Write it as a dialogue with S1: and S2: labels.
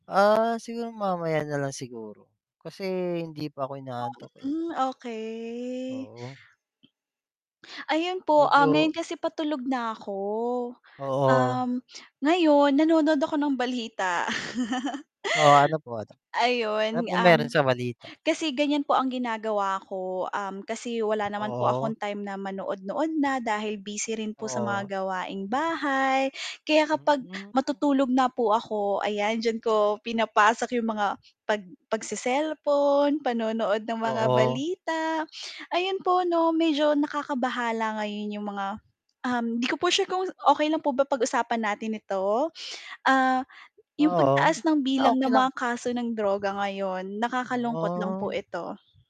S1: Ah, siguro mamaya na lang siguro. Kasi hindi pa ako inaantok, eh.
S2: Mm, okey.
S1: Oo.
S2: Ayun po, ah, ngayon
S1: Medyo.
S2: kasi patulog nako
S1: Oo.
S2: um, ngayon nanonood ako ng balita.
S1: Oo. Ano po ano
S2: Ayun,
S1: po
S2: um,
S1: meron sa balita?
S2: kasi ganyan po ang ginagawa ko, um, kasi wala naman po
S1: Oo.
S2: akong time na ma-nood-nood na dahil busy rin po sa mga
S1: Oo.
S2: gawaing bahay kaya kapag
S1: Mm.
S2: matutulog na po ako ayan diyan ko pinapasok yung mga pag pag-se-cellphone, panonood ng mga
S1: Oo.
S2: balita. Ayun po 'no medyo nakakabahala ngayon yung mga um, hindi ko po sure kung okey lang po ba pag-usapan natin ito? Ah, yung
S1: Oo.
S2: pagtaas ng
S1: Sige na
S2: bilang
S1: okay
S2: ng
S1: lang.
S2: mga kaso ng droga ngayon nakakalungkot lang po
S1: Oh.
S2: ito.